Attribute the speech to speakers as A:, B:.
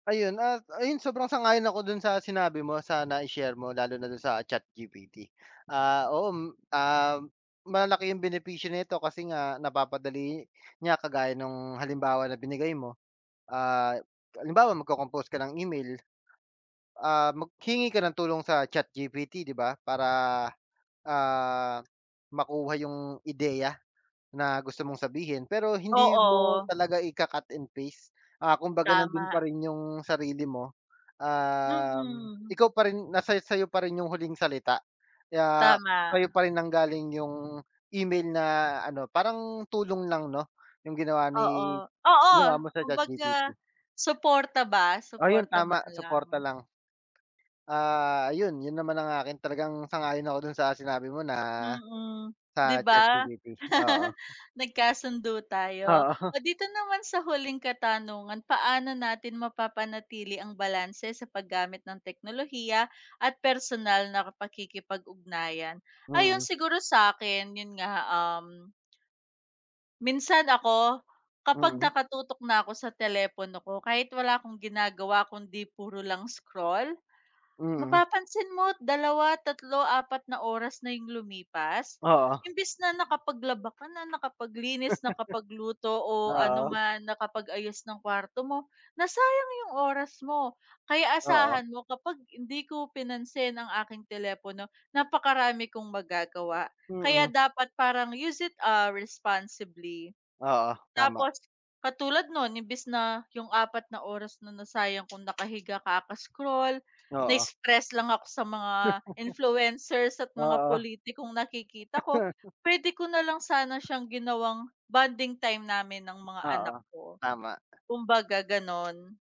A: Ayun at ayun sobrang sang-ayon ako dun sa sinabi mo sa nai-share mo lalo na dun sa ChatGPT. Ah, oo, m um, malalaki yung benepisyo nito kasi nga, napapadali niya kagaya nung halimbawa na binigay mo, ah, halimbawa mag-cocompose ka ng email, ah, mag hingi ka ng tulong sa ChatGPT di ba? Para, ah, makuha yung ideya na gusto mong sabihin. Pero hindi mo
B: Oo.
A: talaga ika-cut and paste, ah, kumbaga nandun
B: Tama.
A: pa rin yung sarili mo, um,
B: Mm.
A: ikaw pa rin nasa-sayo pa rin yung huling salita kaya,
B: Tama.
A: sayo pa rin nang-galing yung email na ano, parang tulong lang no yung ginawa
B: Oo,
A: ni
B: oo,
A: ginawa mo sa ChatGPT.
B: kumbaga suporta ba,
A: Oh, yun
B: suporta man
A: tama suporta
B: lang.
A: lang. Ah, ayun yun, naman ang akin talagang sang-ayon ako dun sa sinabi mo na
B: Mm, di
A: sa
B: ba?
A: ChatGPT, oo.
B: Nagkasundo tayo.
A: Oo.
B: Oh, dito naman sa huling katanungan, paano natin mapapanatili ang balanse sa paggamit ng teknolohiya at personal na pakikipag-ugnayan? Ayun
A: Mm.
B: siguro sakin yun nga um. Minsan ako kapag
A: Mm.
B: nakatutok na ako sa telepono ko kahit wala akong ginagawa kundi puro lang scroll,
A: Mm.
B: mapapansin mo't 2, 3, 4 na oras na yung lumipas,
A: Oo.
B: imbis na nakapaglaba ka na nakapaglinis, nakapagluto o ano
A: Oo.
B: man nakapag-ayos ng kwarto mo, nasayang yung oras mo. Kaya
A: Oo.
B: asahan mo kapag hindi ko pinansin ang aking telepono napakarami kong magagawa kaya
A: Mm.
B: dapat parang use it ah, responsibly
A: Oo, tama.
B: tapos, katulad non, imbis na yung 4 na oras na nasayang kong nakahiga ka kaka-scroll
A: Oo.
B: na-stress lang ako sa mga influencers at mga
A: Oo.
B: pulitikong nakikita ko, pwede ko nalang sana siyang ginawang bonding time namin ng mga anak
A: Oo,
B: ko,
A: tama.
B: kumbaga ganon.